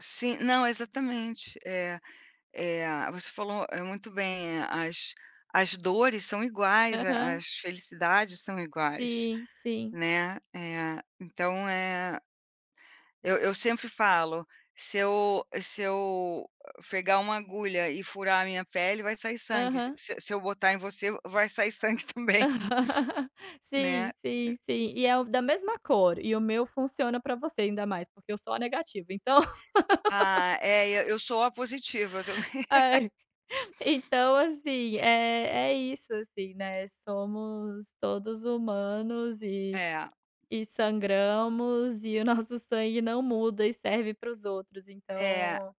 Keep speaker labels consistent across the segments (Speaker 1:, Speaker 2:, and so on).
Speaker 1: Sim, não, exatamente. Eh eh, você falou muito bem. Eh, as as dores são iguais. A
Speaker 2: Aham.
Speaker 1: as felicidades são iguais,
Speaker 2: Sim, sim.
Speaker 1: né. Eh, então, eh, eu eu sempre falo: “Se eu se eu pegar uma agulha e furar a minha pele, vai sair sangue. Se
Speaker 2: Aham.
Speaker 1: se se eu botar em você, vai sair sangue também". né.
Speaker 2: Sim, sim, sim, e é o da mesma cor. E o meu funciona para você ainda mais, porque eu sou O negativo, então
Speaker 1: A é, eu eu sou O positiva também.
Speaker 2: Ai, então, assim, eh, é isso, assim, né. Somos todos humanos e
Speaker 1: É.
Speaker 2: e sangramos. E o nosso sangue não muda e serve para os outros.
Speaker 1: É.
Speaker 2: Então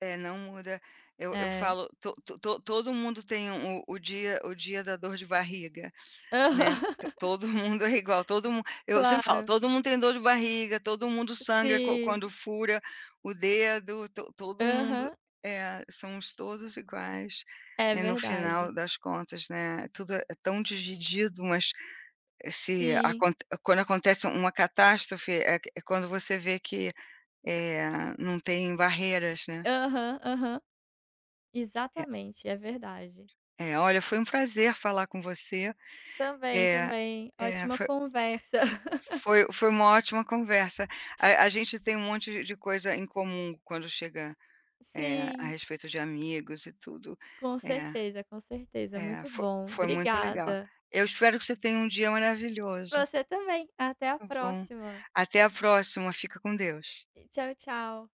Speaker 1: É, não muda. Eu eu
Speaker 2: É.
Speaker 1: falo: "To to to todo mundo tem o o dia o dia da dor de barriga", né.
Speaker 2: Aham.
Speaker 1: To todo mundo é igual. Todo mun eu sempre falo:
Speaker 2: Claro.
Speaker 1: "Todo mundo tem dor de barriga. Todo mundo sangra quan quando
Speaker 2: Sim.
Speaker 1: fura o dedo. To todo mundo"
Speaker 2: Aham.
Speaker 1: É, somos todos iguais.
Speaker 2: É
Speaker 1: E, no
Speaker 2: verdade.
Speaker 1: final das contas, né, tudo é tão dividido. Mas esse
Speaker 2: Sim.
Speaker 1: acont quando acontece uma catástrofe, é é quando você vê que, eh, não tem barreiras, né.
Speaker 2: Aham, aham.
Speaker 1: É.
Speaker 2: Exatamente. É verdade.
Speaker 1: É, olha foi um prazer falar com você.
Speaker 2: Também,
Speaker 1: É,
Speaker 2: também.
Speaker 1: é,
Speaker 2: Ótima
Speaker 1: foi
Speaker 2: conversa.
Speaker 1: foi foi uma ótima conversa. A a gente tem um monte de coisa em comum quando chega é, a
Speaker 2: Sim.
Speaker 1: respeito de amigos e tudo.
Speaker 2: Com
Speaker 1: É,
Speaker 2: certeza, com certeza.
Speaker 1: é,
Speaker 2: Muito
Speaker 1: foi
Speaker 2: bom.
Speaker 1: foi muito legal.
Speaker 2: Obrigada.
Speaker 1: Eu espero que você tenha um dia
Speaker 2: Pra
Speaker 1: maravilhoso.
Speaker 2: você também. Até a
Speaker 1: Está bom.
Speaker 2: próxima!
Speaker 1: Até a próxima. Fica com Deus.
Speaker 2: Tchau, tchau.